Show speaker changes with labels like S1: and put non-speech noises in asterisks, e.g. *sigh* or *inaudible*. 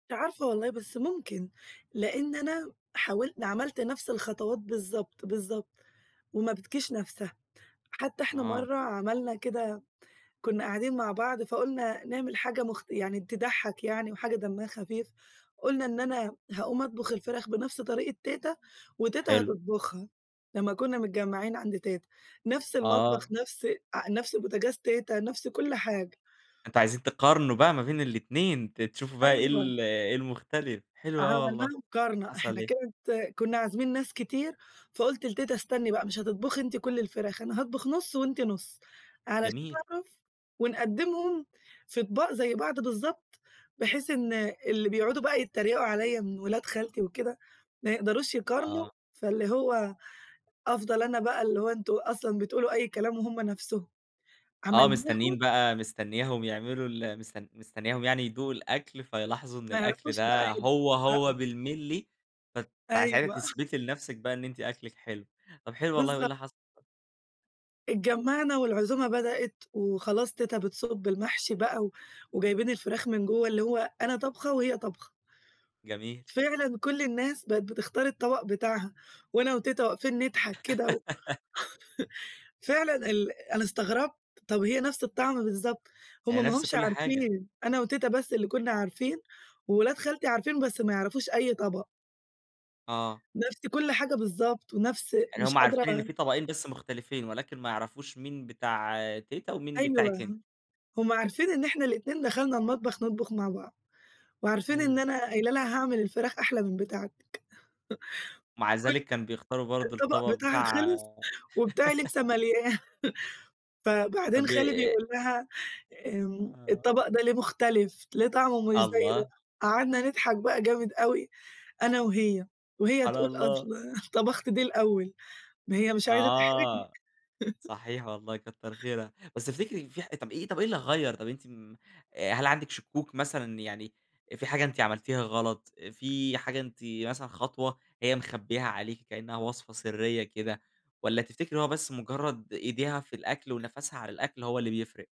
S1: مش عارفة والله بس ممكن، لإن أنا حاول عملت نَفس الخطوات بالضبط، بالضبط، وما بتجيش نَفسها، حتى إحنا
S2: آه.
S1: مَرّة عملنا كده، كنا قاعدين مع بعض فقلنا نعمل حاجة مخ يعني تضحّك يعني وحاجة دمّها خفيف، قلنا إن أنا هاقوم أطبخ الفراخ بنَفس طريقة تيتا، وتيتا
S2: حلو.
S1: هتطبخها، لمّا كنا متجمّعين عند تيتا، نَفس المطبخ،
S2: آه.
S1: نَفس أ نَفس بوتاجاز تيتا، نَفس كُلّ حاجة.
S2: أنتم عايزين تقارنوا بقى ما بين الاتنين، ت تشوفوا بقى إيه
S1: أيوه.
S2: ال إيه المختلف، حلو أوي
S1: عملناها
S2: والله،
S1: مقارنة،
S2: حصل
S1: إحنا
S2: إيه؟
S1: كانت كنا عازمين ناس كتير، فقلت لتيتا: "استني بقى مش هتطبخي أنتِ كُلّ الفراخ، أنا هاطبخ نُص، وأنتِ نُص علشان
S2: جميل.
S1: أعرف ونقدّمهم في أطباق زي بعض بالضبط، بحيث إن اللي بيقعدوا بقى يتّريقوا عليَّ من ولاد خالتي وكده ما يقدروش يقارنوا"،
S2: آه.
S1: فاللي هو أفضل أنا بقى اللي هو أنتم أصلًا بتقولوا أي كلام وهُم نَفسهم،
S2: آه مستنيين
S1: عملناهم
S2: بقى مستنياهم يعملوا ال مستن مستنياهم يعني يدوقوا الأكْل، فيلاحظوا إن
S1: ما
S2: الأكْل
S1: يعرفوش بقى
S2: ده هو هو
S1: يقرأوا.
S2: بالملّي، فت ساعتها
S1: أيوه.
S2: تثبتي لنَفسِك بقى إن أنتِ أكلِك حلو، طب حلو والله، وإيه
S1: بالضبط.
S2: اللي حصل؟
S1: اتجمّعنا والعزومة بدأت، وخلاص تيتا بتصُب المحشي بقى و وجايبين الفراخ من جوا اللي هو أنا طابخة وهي طابخة.
S2: جميل.
S1: فعلًا كُلّ الناس بقت بتختار الطبق بتاعها، وأنا وتيتا واقفين نضحك كده و
S2: *laughs*
S1: *laughs* فعلًا ال أنا استغربت، طب هي نَفس الطعم بالضبط! هُم
S2: يعني
S1: ما
S2: نَفس
S1: هُمش
S2: كل حاجة.
S1: عارفين، أنا وتيتا بس اللي كنا عارفين، وولاد خالتي عارفين بس ما يعرفوش أي طبق.
S2: آه.
S1: نَفس كل حاجة بالضبط ونَفس
S2: يعني
S1: مش
S2: هُم عارفين إن
S1: قادرة
S2: في طبقين بس مختلفين، ولكن ما يعرفوش مين بتاع تيتا، ومين
S1: أيوه،
S2: بتاعِك أنتِ.
S1: هُم عارفين إن إحنا الاتنين دخلنا المطبخ نطبخ مع بعض، وعارفين إن
S2: امم.
S1: أنا قايلة لها هاعمل الفراخ أحلى من بتاعتِك،
S2: مع
S1: *laughs* ك
S2: ذلك كان بيختاروا
S1: كان
S2: برضو
S1: الطبق
S2: الطبق
S1: بتاعها
S2: بتاع
S1: خلص، وبتاعي
S2: *laughs*
S1: لسه ماليا فبعدين
S2: طب
S1: خالي
S2: آآ
S1: بيقول لها: "آمم،
S2: آه.
S1: الطبق ده ليه مختلف؟ ليه طعمه مش زي ده؟"،
S2: الله!
S1: قعدنا نضحك بقى جامد أوي أنا وهي، وهي
S2: على
S1: تقول أصل
S2: الله.
S1: طبخت دي الأوّل، ما هي مش عايزة تحرجني.
S2: آه،
S1: *laughs*
S2: صحيح والله، كتّر خيرها، بس تفتكري في ح طب إيه طب إيه اللي غيّر، طب أنتِ م هل عندِك شكوك مثلًا يعني في حاجة أنتِ عملتيها غلط، في حاجة أنتِ مثلًا خطوة هي مخبيّاها عليكِ كأنها وصفة سرية كده، والّا تفتكري هو بس مُجرّد إيديها في الأكْل ونَفَسها على الأكْل هو اللي بيفرق؟